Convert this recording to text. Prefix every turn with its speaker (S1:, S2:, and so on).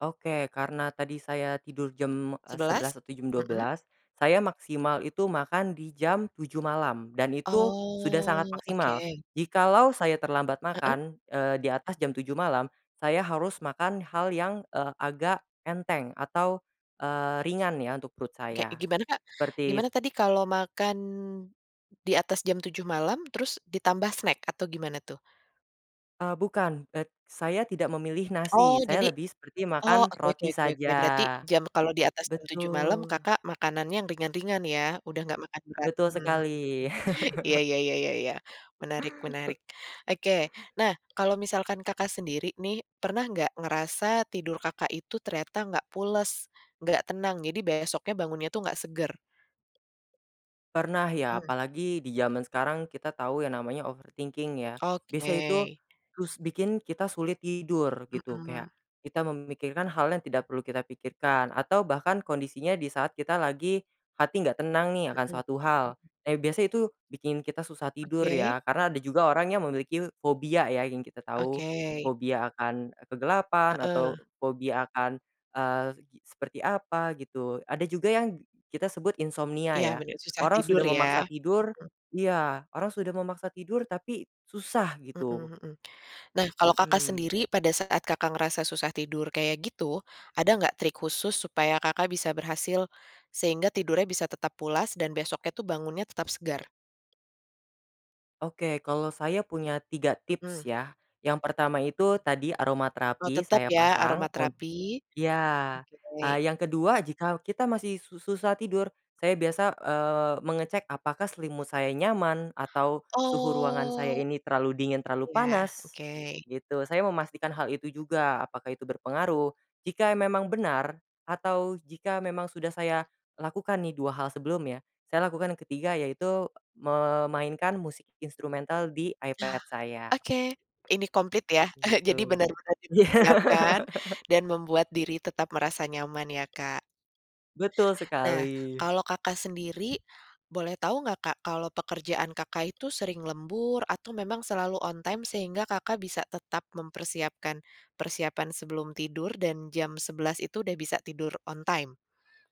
S1: Oke karena tadi saya tidur jam, eee,
S2: 11.00?
S1: 11.00 atau jam dua
S2: Mhm.
S1: belas, saya maksimal itu makan di jam 7.00 malam dan itu sudah sangat
S2: Oh
S1: maksimal,
S2: oke.
S1: jikalau saya terlambat
S2: Heeh.
S1: makan, eee, di atas jam 7.00 malam, saya harus makan hal yang, eee, agak enteng atau, eee, ringan ya untuk perut
S2: Kayak
S1: saya,
S2: gimana Kak?
S1: seperti s
S2: Gimana tadi kalo makan, di atas jam 7.00 malam terus ditambah snack atau gimana tuh?
S1: Eee, bukan, et saya tidak memilih
S2: Oh
S1: nasi saya
S2: jadi
S1: lebih seperti makan
S2: oh oke oke
S1: roti
S2: oke
S1: saja.
S2: oke berarti jam kalau di atas jam 7.00 malem
S1: Betul.
S2: Kakak makanannya yang ringan-ringan ya udah nggak makan berat,
S1: Betul
S2: mmm.
S1: sekali.
S2: Iya iya iya iya iya menarik menarik, oke nah kalau misalkan Kakak sendiri nih, pernah nggak ngerasa tidur Kakak itu ternyata nggak pules, nggak tenang, jadi besoknya bangunnya tuh nggak seger?
S1: Pernah ya
S2: Mmm.
S1: apalagi di jaman sekarang kita tahu yang namanya overthinking ya, biasa
S2: Oke.
S1: itu, terus bikin kita sulit tidur gitu kayak,
S2: Mhm.
S1: kita memikirkan hal yang tidak perlu kita pikirkan atau bahkan kondisinya di saat kita lagi, hati nggak tenang nih akan
S2: Mhm.
S1: suatu hal, eh, biasa itu bikin kita susah tidur
S2: Oke.
S1: ya karena ada juga orang yang memiliki fobia ya yang kita tahu,
S2: Oke.
S1: fobia akan, eee, kegelapan
S2: Heeh.
S1: atau fobia akan, eee, seperti apa gitu ada juga yang kita sebut insomnia
S2: Iya
S1: ya,
S2: bener susah
S1: orang
S2: tidur
S1: sudah memaksa
S2: ya,
S1: tidur
S2: mhm.
S1: iya orang sudah memaksa tidur tapi susah gitu.
S2: Mhm mhm. Nah kalau Kakak
S1: Mhm.
S2: sendiri pada saat Kakak ngerasa susah tidur kayak gitu, ada nggak trik khusus supaya Kakak bisa berhasil, sehingga tidurnya bisa tetap pulas dan besoknya tuh bangunnya tetap segar?
S1: Oke kalau saya punya 3
S2: Mhm.
S1: tips ya, yang pertama itu tadi aroma
S2: Oh
S1: terapi
S2: tetap
S1: saya
S2: ya aroma
S1: pasang un
S2: terapi.
S1: iya,
S2: Oke.
S1: eee, yang ke-2 jika kita masih su susah tidur, saya biasa, eee, mengecek apakah selimut saya nyaman atau suhu ruangan saya
S2: Oh.
S1: ini terlalu dingin, terlalu
S2: Iya
S1: panas,
S2: oke.
S1: gitu saya memastikan hal itu juga apakah itu berpengaruh, jika e memang benar, atau jika memang sudah saya lakukan nih 2 hal sebelumnya, saya lakukan ke-3 yaitu memainkan musik instrumental di
S2: Ah,
S1: iPad saya.
S2: oke ini komplit ya jadi
S1: Begitu.
S2: bener-bener
S1: Iya.
S2: dipersiapkan dan membuat diri tetap merasa nyaman ya Kak.
S1: Betul sekali.
S2: Nah kalau Kakak sendiri, boleh tahu nggak Kak kalau pekerjaan Kakak itu sering lembur atau memang selalu on time sehingga Kakak bisa tetap mempersiapkan persiapan sebelum tidur dan jam 11.00 itu udah bisa tidur on time?